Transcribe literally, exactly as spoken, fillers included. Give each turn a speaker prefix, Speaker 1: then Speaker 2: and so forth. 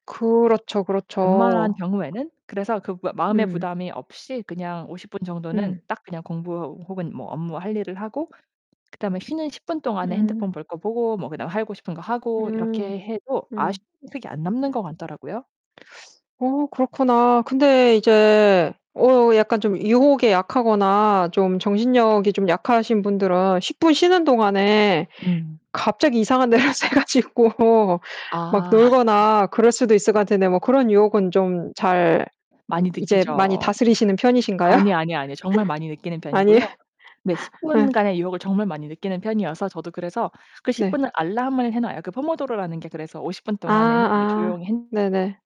Speaker 1: 그렇죠,
Speaker 2: 웬만한
Speaker 1: 그렇죠.
Speaker 2: 경우에는. 그래서 그 마 마음의
Speaker 1: 음.
Speaker 2: 부담이 없이 그냥 오십 분 정도는
Speaker 1: 음.
Speaker 2: 딱 그냥 공부 혹은 뭐 업무 할 일을 하고 그다음에 쉬는 십 분 동안에
Speaker 1: 음.
Speaker 2: 핸드폰 볼 거 보고 뭐 그다음 하고 싶은 거 하고
Speaker 1: 음.
Speaker 2: 이렇게 해도 아쉬
Speaker 1: 음.
Speaker 2: [unintelligible] 이 안 남는
Speaker 1: 음.
Speaker 2: 것 같더라고요.
Speaker 1: 어 그렇구나. 근데 이제 어 약간 좀 유혹에 약하거나 좀 정신력이 좀 약하신 분들은 십 분 쉬는 동안에
Speaker 2: 음.
Speaker 1: 갑자기 이상한 데로 새 가지고 막
Speaker 2: 아.
Speaker 1: 놀거나 그럴 수도 있을 것 같은데 뭐 그런 유혹은 좀 잘 이
Speaker 2: 많이
Speaker 1: 이제 많이
Speaker 2: 느끼죠.
Speaker 1: 다스리시는 편이신가요?
Speaker 2: 아니 아니 아니에요. 정말 많이 느끼는 편이고요
Speaker 1: 아니.
Speaker 2: 네, 십
Speaker 1: 네.
Speaker 2: 분간의 유혹을 정말 많이 느끼는 편이어서 저도 그래서 그 십
Speaker 1: 네.
Speaker 2: 분을 알람을 해 놔요. 그 포모도로라는 게 그래서 오십 분
Speaker 1: 아
Speaker 2: 동안에는 이렇게
Speaker 1: 아.
Speaker 2: 조용히 핸
Speaker 1: 네네.